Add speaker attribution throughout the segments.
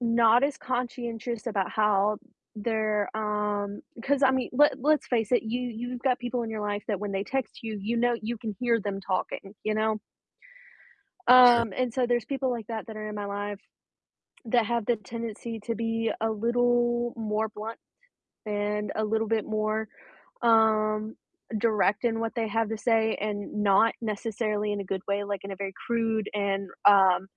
Speaker 1: Not as conscientious about how they're, um 'cause I mean, let let's face it, you you've got people in your life that when they text you, you know you can hear them talking, you know?
Speaker 2: True.
Speaker 1: Um, and so there's people like that that are in my life that have the tendency to be a little more blunt and a little bit more, um, direct in what they have to say, and not necessarily in a good way, like in a very crude and, um,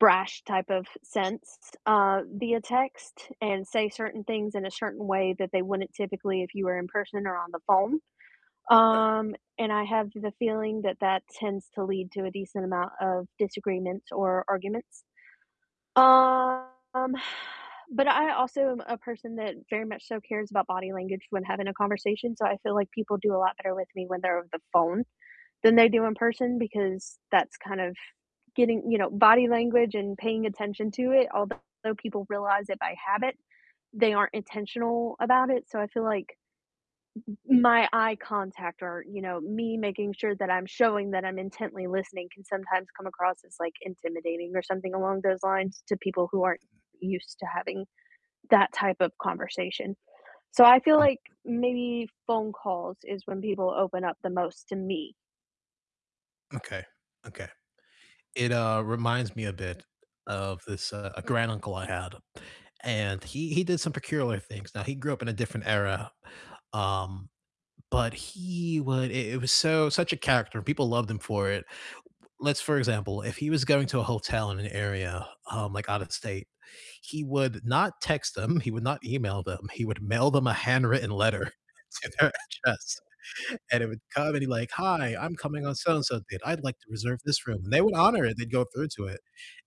Speaker 1: brash type of sense, uh, via text, and say certain things in a certain way that they wouldn't typically if you were in person or on the phone,
Speaker 2: Right.
Speaker 1: um, and I have the feeling that that tends to lead to a decent amount of disagreements or arguments. Um, but I also am a person that very much so cares about body language when having a conversation, so I feel like people do a lot better with me when they're over the phone than they do in person, because that's kind of getting you know, body language and paying attention to it, although people realize it by habit, they aren't intentional about it. So I feel like m m my eye contact or, you know, me making sure that I'm showing that I'm intently listening can sometimes come across as, like, intimidating or something along those lines to people who aren't used to having that type of conversation. So I feel like
Speaker 2: Mm.
Speaker 1: maybe phone calls is when people open up the most to me.
Speaker 2: Okay, okay. It, uh, reminds me a bit of this, uh a granduncle I had, and he he did some peculiar things. Now, he grew up in a different era, um, but he would i it was so such a character, and people loved him for it. Let's for example, if he was going to a hotel in an area, um, like out of state, he would not text them, he would not email them, he would mail them a handwritten letter to their address. And it would come and he'd like, "Hi, I'm coming on so-and-so date, I'd like to reserve this room," and they would honor it, they'd go through to it.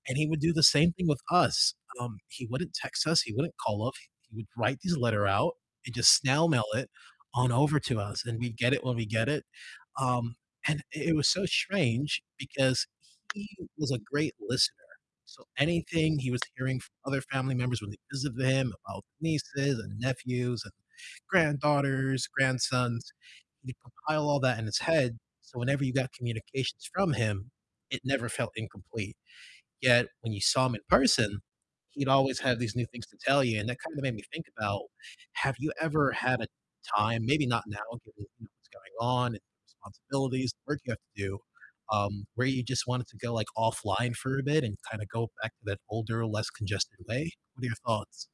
Speaker 2: And he would do the same thing with us. Um, he wouldn't text us, he wouldn't call up, he would write these letter out and just snail mail it on over to us, and we'd get it when we get it. Um, and i it was so strange because he was a great listener, so anything he was hearing from other family members when they visited him about nieces and nephews and granddaughters, grandsons, he'd compile all that in his head, so whenever you got communications from him, it never felt incomplete. Yet when you saw him in person, he'd always have these new things to tell you, and that kind of made me think about have you ever had a time maybe not now given, you know, what's going on and responsibilities and work you have to do, um, where you just wanted to go, like, offline for a bit and kinda go back to that older, less congested way? What are your thoughts?